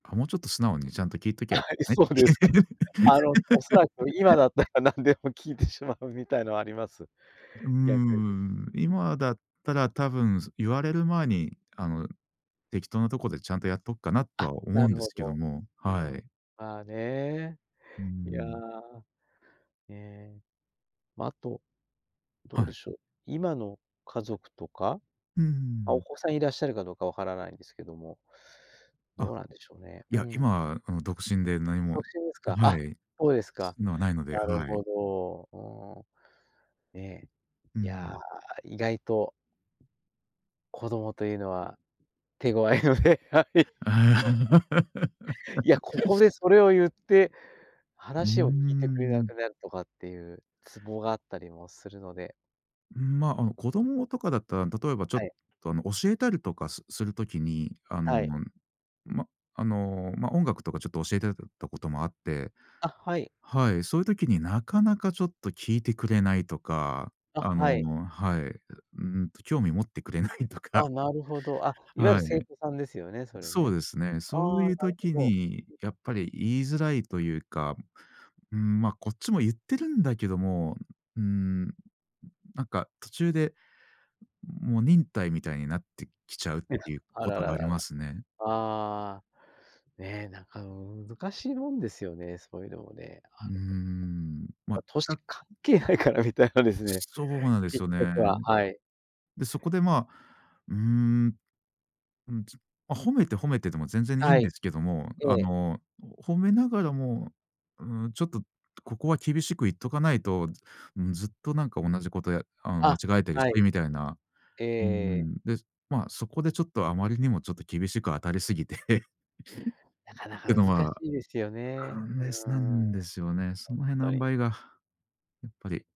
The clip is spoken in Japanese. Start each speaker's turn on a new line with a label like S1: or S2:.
S1: あ、もうちょっと素直にちゃんと聞いときゃ、
S2: は
S1: よか
S2: い、
S1: ったね。
S2: そうですか。あの、おそらく今 だったら、何でも聞いてしまうみたいのはあります、
S1: うー
S2: 逆に。
S1: ん、今だったら多分言われる前に、あの、適当なとこでちゃんとやっとくかなと
S2: あ、
S1: は思
S2: な
S1: うん
S2: る
S1: です
S2: ほ
S1: けど
S2: ど。
S1: も、
S2: う
S1: は
S2: ーん、
S1: い。
S2: まあね。
S1: うー
S2: いや、
S1: ん。
S2: え、ま、あとど
S1: は
S2: うで
S1: い。
S2: しょう、今の家族とか、
S1: うー
S2: ま、
S1: ん。
S2: お子さんいらっしゃるかどう分からないんですけども、ど
S1: あ、
S2: うなんでしょうね？
S1: い
S2: う
S1: や、
S2: ん。
S1: 今、あの、独身で何も
S2: 独身ですか。
S1: は
S2: あ、
S1: い。
S2: そうです
S1: そ
S2: か。
S1: うのはないので、
S2: なる
S1: はい。
S2: ほど。うーん。ね、
S1: うー
S2: いや、
S1: ん。
S2: 意外と子供というのは手ごわいので、はい。いや、ここ でそれを言って、
S1: うー
S2: 話を聞いてくれな
S1: ん。
S2: くなるとかっていうツボがあったりもするので。
S1: うん、ま、あの子供とかだったら、例えばちょ
S2: は
S1: っ
S2: い。
S1: と、あの、教えたりとかすする時に、あの、
S2: はい。
S1: ま、あの、ま、音楽とかちょっと教えてたこともあって。
S2: あ、はい。
S1: はい、そういう時になかなかちょっと聞いてくれないとか、
S2: あ、
S1: あ
S2: はい。
S1: の、はい、うーんと、興味持ってくれないとか。
S2: あ、なるほど。あ、いわゆる
S1: は
S2: 生
S1: い。
S2: 徒さんですよね、それ
S1: そ
S2: ね。
S1: うですね。そ
S2: あ
S1: う
S2: あ、な
S1: い
S2: る
S1: う時
S2: ほ
S1: に
S2: ど。
S1: やっぱり言いづらいというか、うーん、ま、こっちも言ってるんだけども、うーん。なんか途中で、もう忍耐みたいになってきちゃうっ
S2: いや。
S1: ていう
S2: あ
S1: こ
S2: ら
S1: と
S2: ら
S1: があ
S2: らら。
S1: りますね。
S2: ああ。ね、なんか難しいもんですよね、そういうのもね。
S1: うー
S2: [unintelligible]
S1: ん、ま、
S2: 歳
S1: た
S2: 関係ないから、みたいなですね。
S1: そうなんです
S2: 結
S1: よ
S2: 局
S1: ね。
S2: は。はい。
S1: で、そこでまあ、うーん、うんずま、褒めて褒めてでも全然いい
S2: は
S1: んで
S2: い。
S1: すけども、
S2: え
S1: あ
S2: え。
S1: の、褒めながらも、うーん、ちょっとここは厳しく言っとかないと、うずっとなんか同じことやあの、間
S2: あ、
S1: 違えてるし、
S2: はい。
S1: みたいな。
S2: ええ
S1: うー
S2: ええ。
S1: ん、で、ま、そこでちょっとあまりにもちょっと厳しく当たりすぎてっ
S2: なかなか
S1: て
S2: 難
S1: の
S2: し
S1: は、
S2: いですよ
S1: ア
S2: ね、
S1: イナス
S2: う
S1: な
S2: ーん。ほん
S1: んですよね。その辺の
S2: と
S1: 塩
S2: に。
S1: 梅が、やっぱり